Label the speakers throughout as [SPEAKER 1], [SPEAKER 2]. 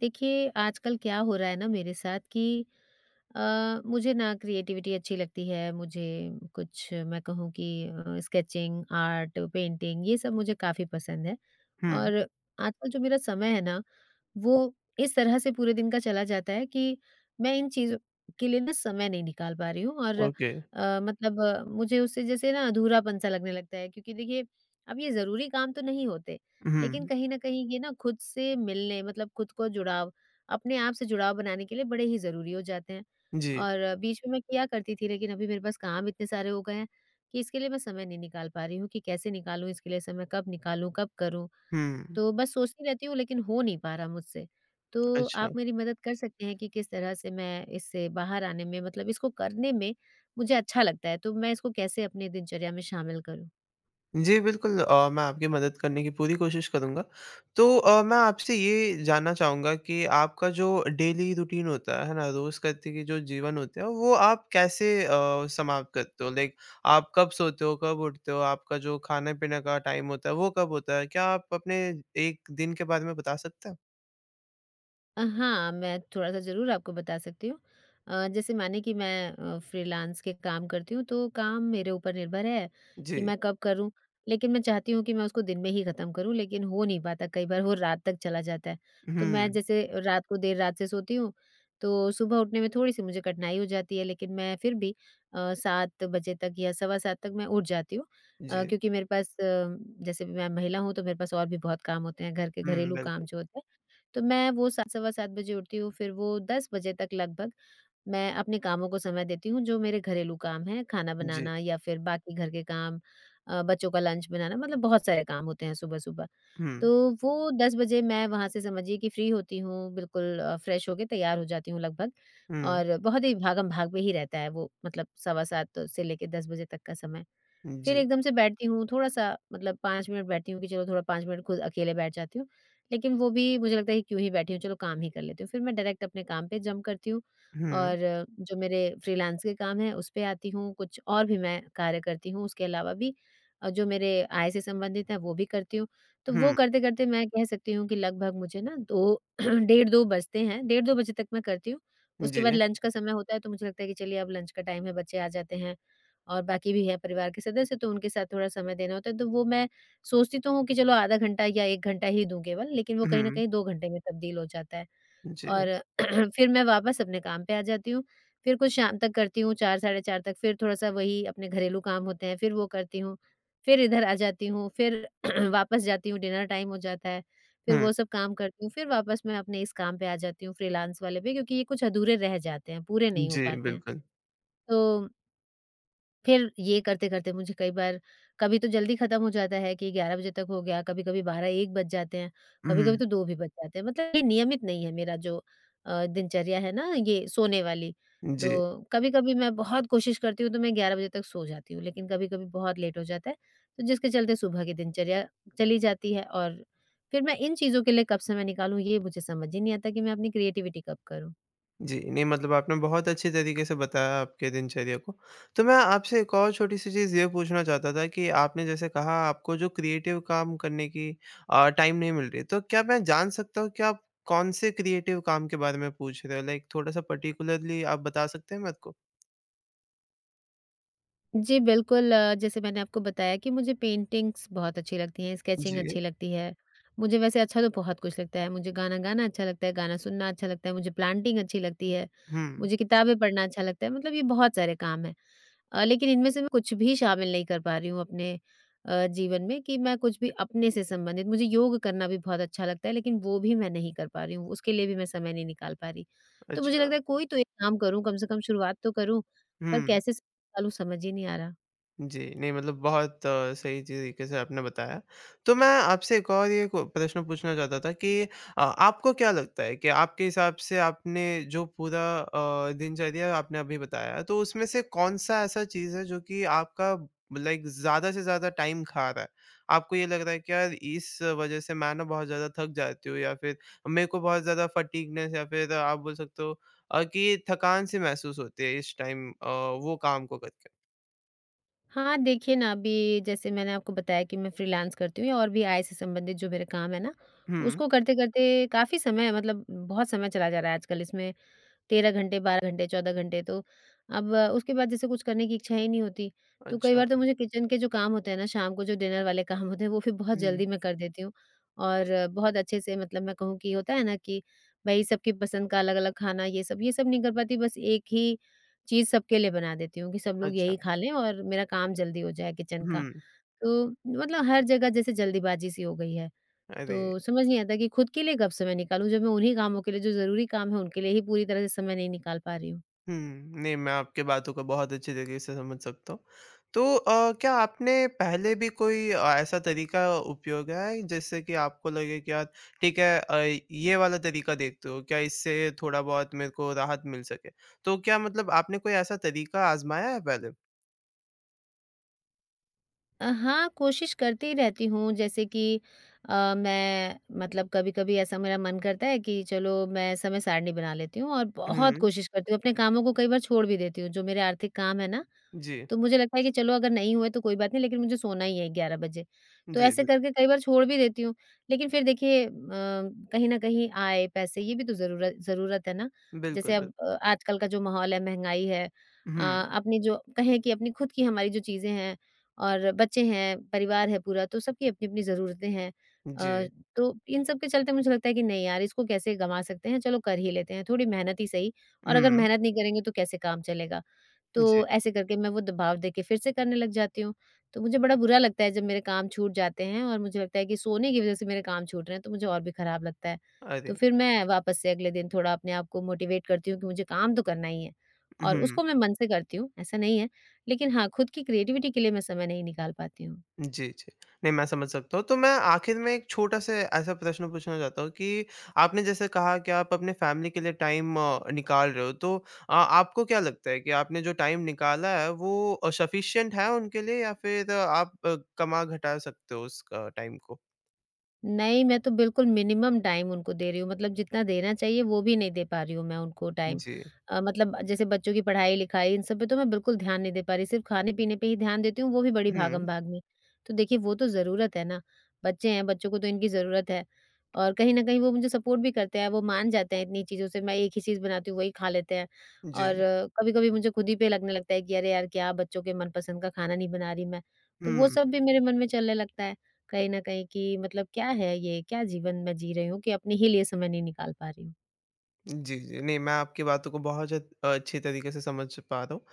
[SPEAKER 1] देखिए, आजकल क्या हो रहा है ना मेरे साथ कि अ, मुझे ना क्रिएटिविटी अच्छी लगती है, मुझे कुछ मैं कहूँ कि अ, स्केचिंग, आर्ट, पेंटिंग ये सब मुझे काफ़ी पसंद हैं।
[SPEAKER 2] हुँ।
[SPEAKER 1] और आजकल जो मेरा समय है ना, वो इस तरह से पूरे दिन का चला जाता है कि, मैं इन चीज़ों के लिए ना समय नहीं निकाल पा रही हूँ और अ,
[SPEAKER 2] ओके।
[SPEAKER 1] मतलब मुझे उससे जैसे ना अधूरापन-सा लगने लगता है क्योंकि देखिए, अब ये ज़रूरी काम तो नहीं होते। लेकिन
[SPEAKER 2] उहुँ।
[SPEAKER 1] कहीं न कहीं ये ना खुद से मिलने मतलब खुद को जुड़ाव अपने आप से जुड़ाव बनाने के लिए बड़े ही ज़रूरी हो जाते हैं,
[SPEAKER 2] जी।
[SPEAKER 1] और बीच में मैं किया करती थी लेकिन अभी मेरे पास काम इतने सारे हो गए हैं, कि इसके लिए मैं समय नहीं निकाल पा रही हूँ कि कैसे निकालूँ इसके लिए समय, कब निकालूँ, कब करूँ?
[SPEAKER 2] हुँ।
[SPEAKER 1] तो बस सोचती रहती हूँ लेकिन हो नहीं पा रहा मुझसे, तो
[SPEAKER 2] अच्छा।
[SPEAKER 1] आप मेरी मदद कर सकते हैं कि किस तरह से मैं इससे बाहर आने में मतलब इसको करने में मुझे अच्छा लगता है तो मैं इसको कैसे अपने दिनचर्या में शामिल करूँ?
[SPEAKER 2] जी, बिल्कुल अ, मैं आपकी मदद करने की पूरी कोशिश करूँगा। तो अ, मैं आपसे ये जानना चाहूँगा कि आपका जो डेली रूटीन होता है, है ना? रोज़ का देखिए जो जीवन होते हैं, वो आप कैसे अ, समाप्त करते हो? लाइक आप कब सोते हो, कब उठते हो? आपका जो खाने-पीने का टाइम होता है, वो कब होता है? क्या आप अपने 1 दिन के बारे में बता सकते हो?
[SPEAKER 1] अ, हाँ, मैं थोड़ा-सा ज़रूर आपको बता सकती हूँ। अ, जैसे मानिए कि मैं अ, फ्रीलांस के काम करती हूँ, तो काम मेरे ऊपर निर्भर है, कि
[SPEAKER 2] जी।
[SPEAKER 1] मैं कब करूँ। लेकिन मैं चाहती हूँ कि मैं उसको दिन में ही खत्म करूँ, लेकिन हो नहीं पाता कई बार वो रात तक चला जाता है,
[SPEAKER 2] हुँ,
[SPEAKER 1] तो मैं
[SPEAKER 2] हुँ।
[SPEAKER 1] जैसे रात को देर से सोती हूँ, तो सुबह उठने में थोड़ी-सी मुझे कठिनाई हो जाती है, लेकिन मैं फिर भी अ, 7 बजे तक या सवा 7 तक मैं उठ जाती हूँ अ,
[SPEAKER 2] जी।
[SPEAKER 1] क्योंकि मेरे पास जैसे मैं महिला हूँ तो मेरे पास और भी बहुत काम होते हैं, घर के
[SPEAKER 2] हुँ, हुँ।
[SPEAKER 1] घरेलू काम
[SPEAKER 2] बिल्कुल।
[SPEAKER 1] जो होते हैं, तो मैं वो 7 सवा 7 बजे उठती हूँ, फिर वो 10 बजे तक लगभग मैं अपने कामों को समय देती हूँ, जो मेरे घरेलू काम हैं, खाना
[SPEAKER 2] जी।
[SPEAKER 1] बनाना या फिर बाकी घर के काम, अ, बच्चों का लंच बनाना, मतलब बहुत सारे काम होते हैं सुबह-सुबह।
[SPEAKER 2] हुँ।
[SPEAKER 1] तो 10 बजे मैं वहाँ से समझिए कि फ्री होती हूँ, बिल्कुल अ, फ्रेश होकर तैयार हो जाती हूँ लगभग।
[SPEAKER 2] हुँ।
[SPEAKER 1] और बहुत ही भागम-भाग पे ही रहता है वो, मतलब सवा 7 से लेकर 10 बजे तक का समय। फिर
[SPEAKER 2] जी।
[SPEAKER 1] एकदम से बैठती हूँ, थोड़ा-सा मतलब 5 मिनट बैठती हूँ कि चलो थोड़ा 5 मिनट खुद अकेले बैठ जाती हूँ, लेकिन वो भी मुझे लगता है कि क्यों ही बैठी हूँ, चलो काम ही कर लेती हूँ। फिर मैं डायरेक्ट अपने काम पे जम्प करती हूँ
[SPEAKER 2] हुँ।
[SPEAKER 1] और जो मेरे फ्रीलांस के काम हैं, उस पे आती हूँ, कुछ और भी मैं कार्य करती हूँ उसके अलावा भी, और जो मेरे आय से संबंधित हैं वो भी करती हूँ। तो वो
[SPEAKER 2] हुँ।
[SPEAKER 1] करते-करते मैं कह सकती हूँ कि लगभग मुझे ना 2 डेढ़ 2 बजते हैं। डेढ़ 2 बजे तक मैं करती हूँ।
[SPEAKER 2] जी,
[SPEAKER 1] उसके बाद
[SPEAKER 2] जी।
[SPEAKER 1] लंच का समय होता है, तो मुझे लगता है कि चलिए अब लंच का टाइम है, बच्चे आ जाते हैं और बाकी भी हैं परिवार के सदस्य, तो उनके साथ थोड़ा समय देना होता है। तो वो मैं सोचती तो हूँ कि चलो आधा घंटा या 1 घंटा ही दूँ केवल, लेकिन वो कहीं न
[SPEAKER 2] हुँ।
[SPEAKER 1] कहीं 2 घंटे में तब्दील हो जाता है।
[SPEAKER 2] जी।
[SPEAKER 1] और फिर मैं वापस अपने काम पे आ जाती हूँ, फिर कुछ शाम तक करती हूँ, 4 साढ़े 4 तक। फिर थोड़ा-सा वही अपने घरेलू काम होते हैं, फिर वो करती हूँ, फिर इधर आ जाती हूँ, फिर वापस जाती हूँ डिनर टाइम हो जाता है, फिर
[SPEAKER 2] हुँ।
[SPEAKER 1] वो सब काम करती हूँ, फिर वापस मैं अपने इस काम पे आ जाती हूँ, फ्रीलांस वाले पे, क्योंकि ये कुछ अधूरे रह जाते हैं, पूरे नहीं हो
[SPEAKER 2] जी,
[SPEAKER 1] पाते हैं
[SPEAKER 2] बिल्कुल।
[SPEAKER 1] तो फिर ये करते-करते मुझे कई बार, कभी तो जल्दी खत्म हो जाता है कि 11 बजे तक हो गया, कभी-कभी 12-1 बज जाते हैं, कभी-कभी
[SPEAKER 2] हुँ।
[SPEAKER 1] तो 2 भी बज जाते हैं। मतलब ये नियमित नहीं है मेरा जो अ, दिनचर्या है ना, ये सोने वाली, तो
[SPEAKER 2] जी।
[SPEAKER 1] कभी-कभी मैं बहुत कोशिश करती हूँ तो मैं 11 बजे तक सो जाती हूँ, लेकिन कभी-कभी बहुत लेट हो जाता है, तो जिसके चलते सुबह की दिनचर्या चली जाती है। और फिर मैं इन चीज़ों के लिए कब समय निकालूँ, ये मुझे समझ ही नहीं आता कि मैं अपनी क्रीऐटिवटी कब करूँ?
[SPEAKER 2] जी, नहीं मतलब आपने बहुत अच्छे तरीके से बताया आपके दिनचर्या को, तो मैं आपसे एक और छोटी-सी चीज़ ये पूछना चाहता था कि आपने जैसे कहा आपको जो क्रिएटिव काम करने की अ, टाइम नहीं मिल रही है, तो क्या मैं जान सकता हूँ कि आप कौन से क्रिएटिव काम के बारे में पूछ रहे हो, लाइक थोड़ा-सा पर्टिक्युलर्ली आप बता सकते हैं मेरे को?
[SPEAKER 1] जी बिल्कुल, जैसे मैंने आपको बताया कि मुझे पेंटिंग्स बहुत अच्छी लगती हैं, स्केचिंग
[SPEAKER 2] जी।
[SPEAKER 1] अच्छी लगती है, मुझे वैसे अच्छा तो बहुत कुछ लगता है, मुझे गाना गाना अच्छा लगता है, गाना सुनना अच्छा लगता है, मुझे प्लांटिंग अच्छी लगती है,
[SPEAKER 2] हुँ।
[SPEAKER 1] मुझे किताबें पढ़ना अच्छा लगता है, मतलब ये बहुत सारे काम हैं अ, लेकिन इनमें से मैं कुछ भी शामिल नहीं कर पा रही हूँ अपने अ, जीवन में कि मैं कुछ भी अपने से संबंधित मुझे योग करना भी बहुत अच्छा लगता है लेकिन वो भी मैं नहीं कर पा रही हूँ, उसके लिए भी मैं समय नहीं निकाल पा रही। तो मुझे
[SPEAKER 2] अच्छा।
[SPEAKER 1] लगता है कोई तो एक काम करूँ, कम से कम शुरुआत तो करूँ पर
[SPEAKER 2] हुँ।
[SPEAKER 1] कैसे स निकालूँ समझ ही नहीं आ रहा।
[SPEAKER 2] जी, नहीं मतलब बहुत सही ची तरीके से आपने बताया, तो मैं आपसे एक और ये कु प्रश्न पूछना चाहता था कि अ, आपको क्या लगता है कि आपके हिसाब से आपने जो पूरा अ, दिनचर्या आपने अभी बताया तो उसमें से कौन-सा ऐसा चीज़ है जो कि आपका लाइक ज़्यादा से ज़्यादा टाइम खा रहा है? आपको ये लग रहा है कि यार इस वज़ह से मैं ना बहुत ज़्यादा थक जाती हूँ या फिर मेरे को बहुत ज़्यादा फटीगनेस या फिर आप बोल सकते हो अ, कि थकान सी महसूस होती है इस टाइम अ, वो काम को करके?
[SPEAKER 1] हाँ, देखिए ना अभी जैसे मैंने आपको बताया कि मैं फ्रीलांस करती हूँ या और भी आय से संबंधित जो मेरे काम है ना,
[SPEAKER 2] हुँ।
[SPEAKER 1] उसको करते-करते काफ़ी समय मतलब उम, बहुत समय चला जा रहा है आजकल इसमें 13 घंटे, 12 घंटे, 14 घंटे तो, अब उसके बाद जैसे कुछ करने की इच्छा ही नहीं होती। तो कई
[SPEAKER 2] अच्छा।
[SPEAKER 1] बार तो मुझे किचन के जो काम होते हैं ना, शाम को जो डिनर वाले काम होते हैं वो फिर बहुत
[SPEAKER 2] हुँ।
[SPEAKER 1] जल्दी मैं कर देती हूँ। और बहुत अच्छे से मतलब मैं कहूँ कि होता है ना कि, भाई सबकी पसंद का अलग-अलग खाना ये सब, ये सब नहीं कर पाती, बस एक ही चीज़ सबके लिए बना देती हूँ कि सब लोग
[SPEAKER 2] अच्छा।
[SPEAKER 1] यही खा लें और मेरा काम जल्दी हो जाए किचन का।
[SPEAKER 2] हुँ।
[SPEAKER 1] तो मतलब हर जगह जैसे जल्दीबाजी सी हो गई है,
[SPEAKER 2] अरे।
[SPEAKER 1] तो समझ नहीं आता कि खुद के लिए कब समय निकालूँ? जब मैं उन्हीं कामों के लिए जो ज़रूरी काम हैं उनके लिए ही पूरी तरह से समय नहीं निकाल पा रही हूँ।
[SPEAKER 2] हुँ, नहीं मैं आपकी बातों को बहुत अच्छे तरीके से समझ सकता हूँ। तो अ, क्या आपने पहले भी कोई अ, ऐसा तरीका उपयोग आई जिससे कि आपको लगे कि यार, ठीक है अ, ये वाला तरीका देखते हो? क्या इससे थोड़ा-बहुत मेरे को राहत मिल सके? तो क्या मतलब आपने कोई ऐसा तरीका आज़माया है पहले?
[SPEAKER 1] अ, हाँ, कोशिश करती रहती हूँ जैसे कि अ, मैं मतलब कभी-कभी ऐसा मेरा मन करता है कि चलो मैं समय सारिणी बना लेती हूँ और बहुत
[SPEAKER 2] हुँ।
[SPEAKER 1] कोशिश करती हूँ अपने कामों को कई बार छोड़ भी देती हूँ, जो मेरे आर्थिक काम हैं ना,
[SPEAKER 2] जी।
[SPEAKER 1] तो मुझे लगता है कि चलो अगर नहीं हुए तो कोई बात नहीं, लेकिन मुझे सोना ही है 11 बजे, तो
[SPEAKER 2] जी,
[SPEAKER 1] ऐसे
[SPEAKER 2] बिल्क
[SPEAKER 1] करके कई बार छोड़ भी देती हूँ, लेकिन फिर देखिए अ, कहीं न कहीं आय, पैसे ये भी तो ज़रूर ज़रूरत है ना,
[SPEAKER 2] बिल्कुल,
[SPEAKER 1] जैसे
[SPEAKER 2] बिल
[SPEAKER 1] अब अ, आजकल का जो माहौल है, महँगाई है अ,
[SPEAKER 2] हुँ।
[SPEAKER 1] अपने जो कहें कि अपनी खुद की हमारी जो चीज़ें हैं और बच्चे हैं, परिवार है पूरा, तो सबकी अपनी-अपनी ज़रूरतें हैं अ,
[SPEAKER 2] जी।
[SPEAKER 1] तो इन सबके चलते मुझे लगता है कि नहीं यार, इसको कैसे गँवा सकते हैं, चलो कर ही लेते हैं, थोड़ी मेहनत ही सही और अगर
[SPEAKER 2] हुँ।
[SPEAKER 1] मेहनत नहीं करेंगे तो कैसे काम चलेगा।
[SPEAKER 2] जी।
[SPEAKER 1] तो ऐसे करके मैं वो दबाव देके फिर से करने लग जाती हूँ, तो मुझे बड़ा बुरा लगता है जब मेरे काम छूट जाते हैं और मुझे लगता है कि सोने की वजह से मेरे काम छूट रहे हैं, तो मुझे और भी खराब लगता है। तो
[SPEAKER 2] अरे!
[SPEAKER 1] फिर मैं वापस से अगले दिन थोड़ा अपने आप को मोटिवेट करती हूँ कि मुझे काम तो करना ही है और
[SPEAKER 2] उहुँ।
[SPEAKER 1] उसको मैं मन से करती हूँ, ऐसा नहीं है, लेकिन हाँ, खुद की क्रिएटिविटी के लिए मैं समय नहीं निकाल पाती हूँ।
[SPEAKER 2] जी, जी। नहीं, मैं समझ सकता हूँ, तो मैं आखिर में एक छोटा-सा ऐसा प्रश्न पूछना चाहता हूँ कि आपने जैसे कहा कि आप अपने फ़ैमिली के लिए टाइम अ, निकाल रहे हो, तो अ, आपको क्या लगता है कि आपने जो टाइम निकाला है, वो अ, सफ़िशंट है उनके लिए, या फिर आप कमा घटा सकते हो उसका टाइम को?
[SPEAKER 1] नहीं, मैं तो बिल्कुल मिनिमम टाइम उनको दे रही हूँ, मतलब जितना देना चाहिए वो भी नहीं दे पा रही हूँ मैं उनको टाइम।
[SPEAKER 2] जी।
[SPEAKER 1] अ, मतलब जैसे बच्चों की पढ़ाई-लिखाई इन सब पे तो मैं बिल्कुल ध्यान नहीं दे पा रही, सिर्फ़ खाने-पीने पे ही ध्यान देती हूँ, वो भी बड़ी
[SPEAKER 2] हुँ।
[SPEAKER 1] भागम-भाग में। तो देखिए, वो तो ज़रूरत है ना, बच्चे हैं, बच्चों को तो इनकी ज़रूरत है और कहीं न कहीं वो मुझे सपोर्ट भी करते हैं, वो मान जाते हैं इतनी चीज़ों से, मैं एक ही चीज बनाती हूँ, वही खा लेते हैं। और
[SPEAKER 2] जी।
[SPEAKER 1] कभी-कभी मुझे खुद ही पे लगने लगता है कि अरे यार, क्या बच्चों के मनपसंद का खाना नहीं बना रही मैं, तो वो
[SPEAKER 2] हुँ।
[SPEAKER 1] सब भी मेरे मन में चलने लगता है, कहीं न कहीं कि मतलब क्या है ये, क्या जीवन मैं जी रही हूँ, कि अपने ही लिए समय नहीं निकाल पा रही हूँ।
[SPEAKER 2] जी, जी। नहीं, मैं आपकी बातों को बहुत जद अ, अच्छी तरीके से समझ पा रहा हूँ,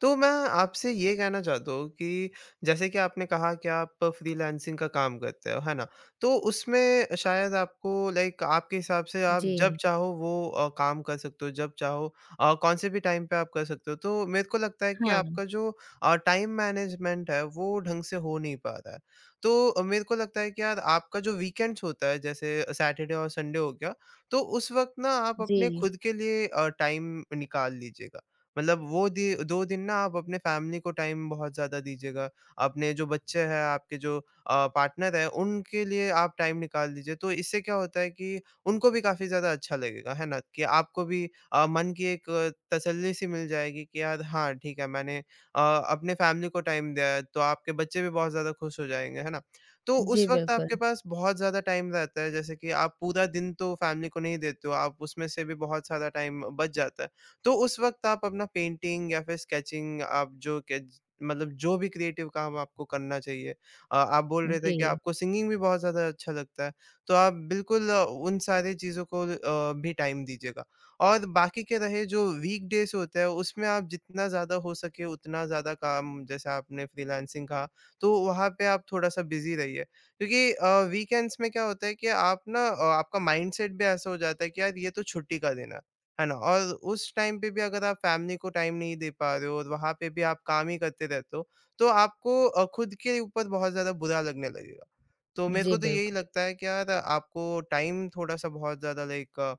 [SPEAKER 2] तो मैं आपसे ये कहना चाहता हूँ कि, जैसे कि आपने कहा कि आप फ्रीलांसिंग का काम करते हो, है ना? तो उसमें शायद आपको लाइक आपके हिसाब से आप जब
[SPEAKER 1] जी।
[SPEAKER 2] चाहो वो अ, काम कर सकते हो, जब चाहो और कौन-से भी टाइम पर आप कर सकते हो। तो मेरे को लगता है कि
[SPEAKER 1] हाँ।
[SPEAKER 2] आपका जो अ, टाइम मैनेजमेंट है, वो ढंग से हो नहीं पा रहा है। तो अ, मेरे को लगता है कि यार आपका जो वीकेंड्स होता है, जैसे सैटरडे और संडे हो गया, तो उस वक़्त ना आप अपने
[SPEAKER 1] जी।
[SPEAKER 2] खुद के लिए अ, टाइम निकाल लीजिएगा। मतलब वो दिय 2 दिन ना आप अपने फैमिली को टाइम बहुत ज़्यादा दीजिएगा, अपने जो बच्चे हैं, आपके जो अ, पार्टनर है, उनके लिए आप टाइम निकाल लीजिए, तो इससे क्या होता है कि उनको भी काफ़ी ज़्यादा अच्छा लगेगा, है ना? कि आपको भी अ, मन की एक तसल्ली सी मिल जाएगी, कि यार हाँ, ठीक है मैंने अ, अपनी फैमिली को टाइम दें। अ, तो आपके बच्चे भी बहुत ज़्यादा खुश हो जाएँगे, है ना? तो
[SPEAKER 1] जी,
[SPEAKER 2] उस वक़्त आपके
[SPEAKER 1] बिल्कुल।
[SPEAKER 2] पास बहुत ज़्यादा टाइम रहता है जैसे कि आप पूरा दिन तो फैमिली को नहीं देते हो, आप उसमें से भी बहुत सारा टाइम अ, बच जाता है, तो उस वक़्त आप अपना पेंटिंग या फिर स्केचिंग आप जो केज मतलब जो भी क्रिएटिव काम आपको करना चाहिए। अ, आप बोल रहे थे कि
[SPEAKER 1] जी।
[SPEAKER 2] आपको सिंगिंग भी बहुत ज़्यादा अच्छा लगता है, तो आप बिल्कुल उन सारे चीज़ों को अ, भी टाइम दीजिएगा। और बाकी के रहे जो वीकडेज़ होते हैं, उसमें आप जितना ज़्यादा हो सके उतना ज़्यादा काम, जैसे आपने फ्रीलांसिंग कहा, तो वहाँ पे आप थोड़ा-सा बिजी रहिए। क्योंकि अ, वीकेंड्स में क्या होता है कि आप ना अ, आपका माइंडसेट भी ऐसा हो जाता है कि यार ये तो छुट्टी का दिन है, है ना? और उस टाइम पे भी अगर आप फैमिली को टाइम नहीं दे पा रहे हो और वहाँ पे भी आप काम ही करते रहते हो, तो आपको अ, खुद के ऊपर बहुत ज़्यादा बुरा लगने लगेगा। तो मेरे
[SPEAKER 1] जी,
[SPEAKER 2] को तो यही
[SPEAKER 1] बिल्कुल।
[SPEAKER 2] लगता है कि यार, आपको टाइम थोड़ा-सा बहुत ज़्यादा लाइक अ,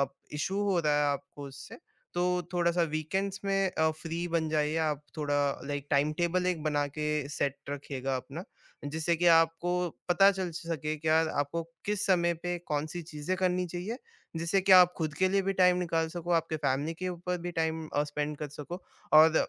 [SPEAKER 2] अप इश्यू हो रहा है आपको उससे, तो थोड़ा-सा वीकेंड्स में अ, फ्री बन जाइए, आप थोड़ा लाइक टाइमटेबल एक बना के सेट रखिएगा अपना, जिससे कि आपको पता चल सके, कि यार, आपको किस समय पे कौन-सी चीज़ें करनी चाहिए। जिससे कि आप खुद के लिए भी टाइम निकाल सको, आपके फैमिली के ऊपर भी टाइम अ, स्पेंड कर सको। और,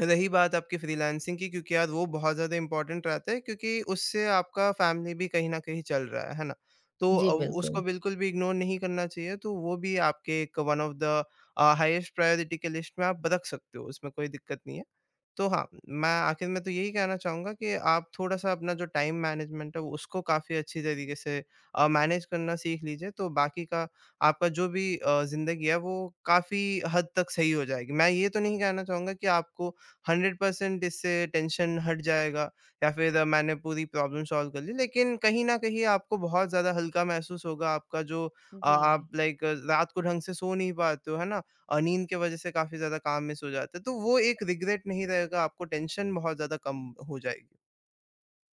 [SPEAKER 2] रही बात आपकी फ्रीलांसिंग की, क्योंकि यार वो बहुत ज़्यादा इंपॉर्टेंट रहता है, क्योंकि उससे आपका फैमिली भी कहीं न कहीं चल रहा है, है ना? तो
[SPEAKER 1] जी,
[SPEAKER 2] अ, उसको
[SPEAKER 1] बिल्कुल।
[SPEAKER 2] बिल्कुल भी इग्नोर नहीं करना चाहिए। तो वो भी आपके एक one of the uh, highest priority के लिस्ट में आप रख सकते हो, उसमें कोई दिक्कत नहीं है। तो हाँ उम, मैं आखिर में तो यही कहना चाहूँगा कि आप थोड़ा-सा अपना जो टाइम मैनेजमेंट है, उसको काफ़ी अच्छे तरीके से अ, मैनेज करना सीख लीजिए, तो बाकी का आपका जो भी अ, ज़िंदगी है, वो काफ़ी हद तक सही हो जाएगी। मैं ये तो नहीं कहना चाहूँगा कि आपको 100% इससे टेंशन हट जाएगा या फिर मैंने पूरी प्रॉब्लम सॉल्व कर ली। लेकिन कहीं न कहीं आपको बहुत ज़्यादा हल्का महसूस होगा, आपका जो
[SPEAKER 1] हुँ,
[SPEAKER 2] आप
[SPEAKER 1] जी।
[SPEAKER 2] लाइक ल रात को ढंग से सो नहीं पाते हो, है ना? अ, नींद के वज़ह से काफ़ी ज़्यादा काम मिस हो जाता है, तो वो एक रिग्रेट नहीं रहेगा, आपको टेंशन बहुत ज़्यादा कम हो जाएगी।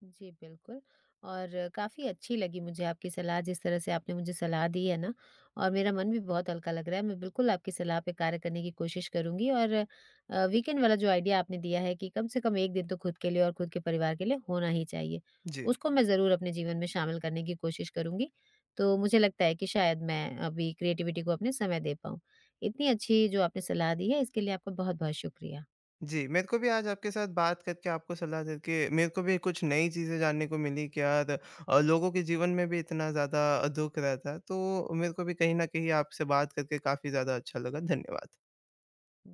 [SPEAKER 1] जी, बिल्कुल। और काफ़ी अच्छी लगी मुझे आपकी सलाह जिस तरह से आपने मुझे सलाह दी है ना और मेरा मन भी बहुत हल्का लग रहा है, मैं बिल्कुल आपकी सलाह पे कार्य करने की कोशिश करूँगी और अ, वीकेंड वाला जो आइडिया आपने दिया है, कि कम से कम 1 दिन तो खुद के लिए और खुद के परिवार के लिए होना ही चाहिए,
[SPEAKER 2] जी।
[SPEAKER 1] उसको मैं ज़रूर अपने जीवन में शामिल करने की कोशिश करूँगी। तो मुझे लगता है कि शायद मैं अभी क्रिएटिविटी को अपने समय दे पाऊँ, इतनी अच्छी जो आपने सलाह दी है, इसके लिए आपको बहुत-बहुत शुक्रिया।
[SPEAKER 2] जी, मेरे को भी आज आपके साथ बात करके, आपको सलाह देके मेरे को भी कुछ नई चीज़ें जानने को मिली, कि यार अ, लोगों के जीवन में भी इतना ज़्यादा दुःख रहता है, तो मेरे को भी कहीं न कहीं आपसे बात करके काफ़ी ज़्यादा अच्छा लगा। धन्यवाद।
[SPEAKER 1] हुँ।